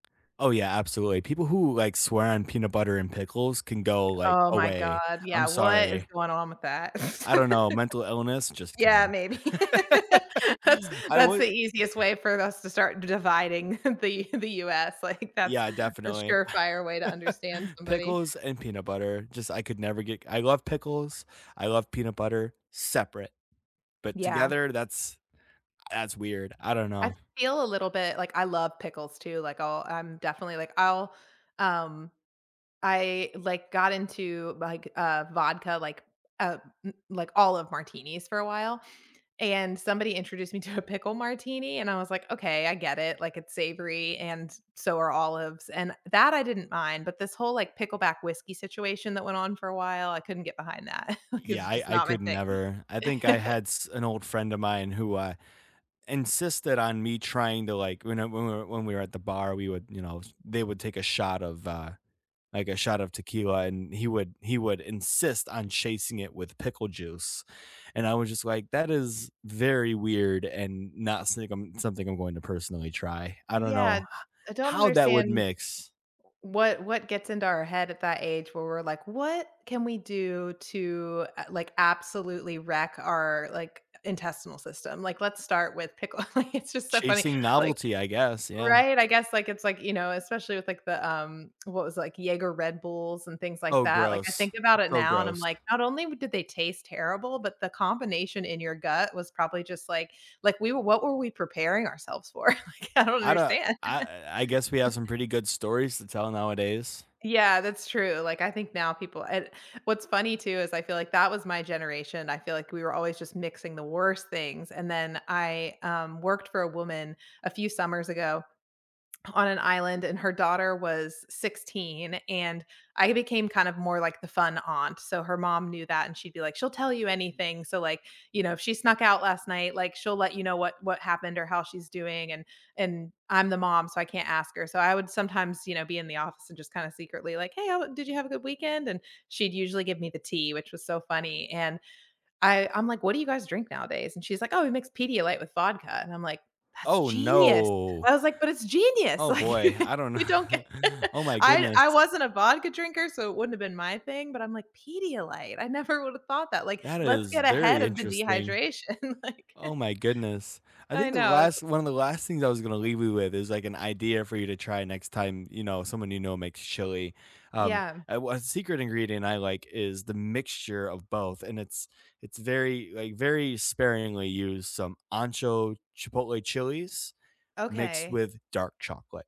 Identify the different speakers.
Speaker 1: Oh, yeah. Absolutely. People who, like, swear on peanut butter and pickles can go, like,
Speaker 2: Oh my
Speaker 1: away.
Speaker 2: god.
Speaker 1: I'm
Speaker 2: Yeah. What is
Speaker 1: sorry.
Speaker 2: going on with that?
Speaker 1: I don't know. Mental illness? Just
Speaker 2: Yeah.
Speaker 1: kidding.
Speaker 2: Maybe. That's
Speaker 1: I
Speaker 2: that's
Speaker 1: would
Speaker 2: the easiest way for us to start dividing the the US, like, that's
Speaker 1: Yeah,
Speaker 2: a
Speaker 1: definitely.
Speaker 2: surefire way to understand somebody.
Speaker 1: Pickles and peanut butter. Just I could never get I love pickles. I love peanut butter, separate, but
Speaker 2: Yeah.
Speaker 1: together, that's that's weird. I don't
Speaker 2: I
Speaker 1: know.
Speaker 2: feel a little bit like, I love pickles too, like, I'll I'm definitely like I'll um, I, like, got into, like, uh, vodka, like, uh, m like, olive martinis for a while, and somebody introduced me to a pickle martini, and I was like, "Okay. I get it; like, it's savory and so are olives," and that I didn't mind, but this whole, like, pickleback whiskey situation that went on for a while, I couldn't get behind that 'cause
Speaker 1: Yeah.
Speaker 2: it's
Speaker 1: I
Speaker 2: just
Speaker 1: I
Speaker 2: not my
Speaker 1: could
Speaker 2: thing.
Speaker 1: never. I think I had s an old friend of mine who, uh, insisted on me trying to, like, whene whe when we were at the bar, we would, you know they would take a shot of uh, like, a shot of tequila, and he would he would insist on chasing it with pickle juice, and I was just like, "That is very weird and not sigm something I want to personally try." I don't know
Speaker 2: Yeah.
Speaker 1: h
Speaker 2: I don't
Speaker 1: how that would
Speaker 2: understand
Speaker 1: mix.
Speaker 2: what what gets into our head at that age where we're like, "What can we do to, uh, like, absolutely wreck our, like, intestinal system? Like, let's start with pickle" Like, it's just so funny,
Speaker 1: Chasing
Speaker 2: like
Speaker 1: novelty, I guess. Yeah.
Speaker 2: Right? I guess, like, it's like, you know especially with, like, the, um, what was like, Jäger Red Bulls and things like
Speaker 1: Oh,
Speaker 2: that, like, I
Speaker 1: gross.
Speaker 2: think about it
Speaker 1: So
Speaker 2: now and I'm
Speaker 1: gross.
Speaker 2: like, not only did they taste terrible, but the combination in your gut was probably just like like, we what were we preparing ourselves for? Like, I don't
Speaker 1: I do
Speaker 2: understand.
Speaker 1: I I guess we have some pretty good stories to tell nowadays.
Speaker 2: Yeah. That's true, like, I think now people and what's funny too is I feel like that was my generation. I feel like we were always just mixing the worst things and then I, um, worked for a woman a few summers ago, on an island, and her daughter was 16 and I became kind of more like the fun aunt. So, her mom knew that and she'd be like, "She'll tell you anything. So, like, you know, if she snuck out last night, like, she'll let you know what what happened or how she's doing, and and I'm the mom, so I can't ask her." So, I would sometimes, you know, be in the office and just kinda secretly like, "Hey, how did you have a good weekend?" And she'd usually give me the tea, which was so funny, and I I'm like, "What do you guys' drink nowadays?" And she's like, "Oh, we mix Pedialyte with vodka," And I'm like, "That's
Speaker 1: Oh,
Speaker 2: genius."
Speaker 1: no.
Speaker 2: I was like But, it's genius.
Speaker 1: Oh,
Speaker 2: Like,
Speaker 1: boy. I don't
Speaker 2: you don't get
Speaker 1: kn Oh my
Speaker 2: I
Speaker 1: goodness.
Speaker 2: I wasn't a vodka drinker, so it wouldn't have been my thing, but I'm like, "Pedialyte, I never would have thought that." Like,
Speaker 1: That
Speaker 2: let's
Speaker 1: is
Speaker 2: get ahead
Speaker 1: very
Speaker 2: of the
Speaker 1: interesting.
Speaker 2: dehydration, like
Speaker 1: Oh my goodness. I
Speaker 2: I
Speaker 1: think the
Speaker 2: know s
Speaker 1: last one of the last things I was gonna leave you with is, like, an idea for you to try next time, you know, someone you know makes chili, um,
Speaker 2: Yeah.
Speaker 1: a w a secret ingredient I like is the mixture of both, and it's it's very, like, very sparingly used, some ancho chipotle chilies mixed
Speaker 2: Okay.
Speaker 1: with dark chocolate.